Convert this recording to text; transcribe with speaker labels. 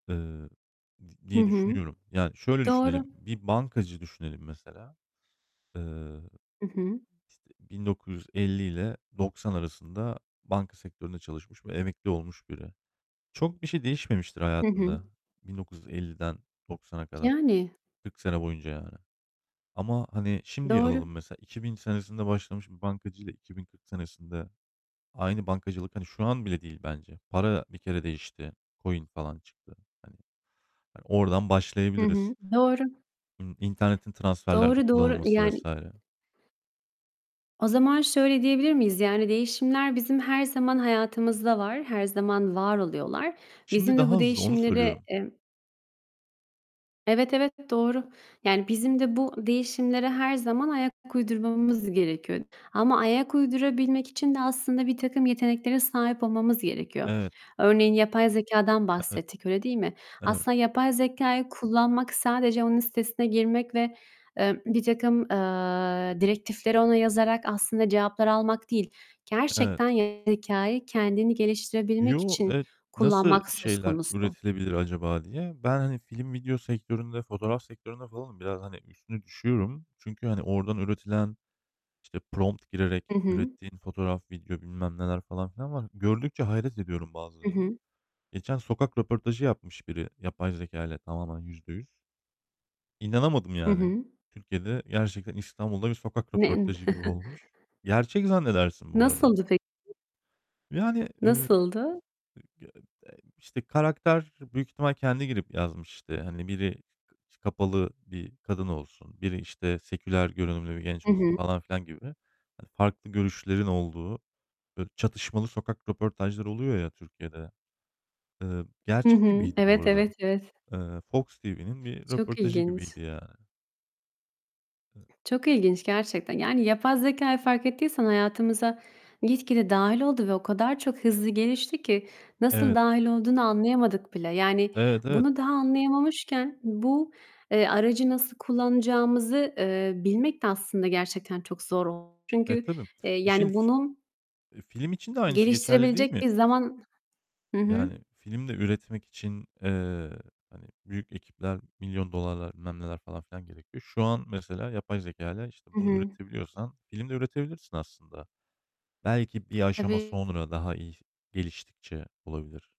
Speaker 1: Iıı, d
Speaker 2: Hı
Speaker 1: diye
Speaker 2: hı.
Speaker 1: düşünüyorum. Yani şöyle
Speaker 2: Doğru.
Speaker 1: düşünelim. Bir bankacı düşünelim mesela. Eee
Speaker 2: Hı hı.
Speaker 1: İşte 1950'yle 90 arasında banka sektöründe çalışmış ve emekli olmuş biri. Çok bir şey değişmemiştir
Speaker 2: Hı hı.
Speaker 1: hayatında 1950'den 90'a kadar,
Speaker 2: Yani.
Speaker 1: 40 sene boyunca yani. Ama, hani, şimdiye
Speaker 2: Doğru.
Speaker 1: alalım mesela 2000 senesinde başlamış bir bankacıyla 2040 senesinde aynı bankacılık, hani, şu an bile değil bence. Para bir kere değişti. Coin falan çıktı hani. Hani, oradan
Speaker 2: Hı
Speaker 1: başlayabiliriz.
Speaker 2: hı, doğru.
Speaker 1: Imm, internetin transferlerde
Speaker 2: Doğru, doğru.
Speaker 1: kullanılması
Speaker 2: Yani
Speaker 1: vs.
Speaker 2: o zaman şöyle diyebilir miyiz? Yani, değişimler bizim her zaman hayatımızda var, her zaman var oluyorlar.
Speaker 1: Şimdi
Speaker 2: Bizim de bu
Speaker 1: daha hızlı, onu
Speaker 2: değişimleri,
Speaker 1: söylüyorum.
Speaker 2: emm evet, evet doğru. Yani, bizim de bu değişimlere her zaman ayak uydurmamız gerekiyor. Ama ayak uydurabilmek için de, aslında, birtakım yeteneklere sahip olmamız gerekiyor.
Speaker 1: Evet.
Speaker 2: Örneğin; yapay zekâdan
Speaker 1: Evet,
Speaker 2: bahsettik, öyle değil mi?
Speaker 1: evet.
Speaker 2: Aslında yapay zekâyı kullanmak, sadece onun sitesine girmek ve, eee, birtakım, eee, direktifleri ona yazarak aslında cevaplar almak değil,
Speaker 1: Evet.
Speaker 2: gerçekten, yapay zekâyı kendini geliştirebilmek
Speaker 1: Yo,
Speaker 2: için
Speaker 1: evet, nasıl
Speaker 2: kullanmak söz
Speaker 1: şeyler
Speaker 2: konusu.
Speaker 1: üretilebilir acaba diye. Ben, hani, film video sektöründe, fotoğraf sektöründe falanım, biraz, hani, üstüne düşüyorum çünkü, hani, oradan üretilen, işte, prompt girerek
Speaker 2: Hı hı.
Speaker 1: ürettiğin fotoğraf video bilmem neler falan filan var. Gördükçe hayret ediyorum
Speaker 2: I
Speaker 1: bazılarına.
Speaker 2: hı.
Speaker 1: Geçen, sokak röportajı yapmış biri, yapay zekâyla tamamen %100 İnanamadım
Speaker 2: Hı
Speaker 1: yani.
Speaker 2: hı.
Speaker 1: Türkiye'de gerçekten İstanbul'da bir sokak
Speaker 2: [unintelligible]
Speaker 1: röportajı gibi olmuş. Gerçek zannedersin bu arada.
Speaker 2: Nasıldı peki?
Speaker 1: Ve, hani, ııı, ı
Speaker 2: Nasıldı?
Speaker 1: [unintelligible] İşte, karakter, büyük ihtimal, kendi girip yazmış işte. Hani, biri, [unintelligible] kapalı bir kadın olsun, biri işte seküler görünümlü bir genç
Speaker 2: Hı
Speaker 1: olsun,
Speaker 2: hı.
Speaker 1: falan filan gibi. Hani, farklı görüşlerin olduğu, böyle çatışmalı sokak röportajları oluyor ya Türkiye'de. Iıı,
Speaker 2: Hı
Speaker 1: gerçek
Speaker 2: hı,
Speaker 1: gibiydi bu
Speaker 2: evet,
Speaker 1: arada.
Speaker 2: evet, evet.
Speaker 1: Eee, Fox TV'nin bir
Speaker 2: Çok
Speaker 1: röportajı
Speaker 2: ilginç.
Speaker 1: gibiydi yani. E
Speaker 2: Çok ilginç gerçekten. Yani, yapay zekâyı fark ettiysen hayatımıza gitgide dâhil oldu ve o kadar çok hızlı gelişti ki, nasıl
Speaker 1: Evet.
Speaker 2: dâhil olduğunu anlayamadık bile. Yani,
Speaker 1: Evet. Evet.
Speaker 2: bunu daha anlayamamışken bu, eee, aracı nasıl kullanacağımızı, eee, bilmek de aslında gerçekten çok zor oldu.
Speaker 1: Eee,
Speaker 2: Çünkü,
Speaker 1: tabii.
Speaker 2: eee,
Speaker 1: E şimdi
Speaker 2: yani,
Speaker 1: f
Speaker 2: bunu
Speaker 1: eee, film için de aynısı geçerli değil
Speaker 2: geliştirebilecek
Speaker 1: mi?
Speaker 2: bir zaman hı hı.
Speaker 1: Yani, film de üretmek için, eee, hani, büyük ekipler, milyon dolarlar, bilmem neler falan filan gerekiyor. Şu an mesela yapay zekâyla, işte,
Speaker 2: Hı
Speaker 1: bunu
Speaker 2: hı.
Speaker 1: üretebiliyorsan film de üretebilirsin aslında. Belki bir aşama
Speaker 2: Tabii.
Speaker 1: sonra daha iyi geliştikçe olabilir.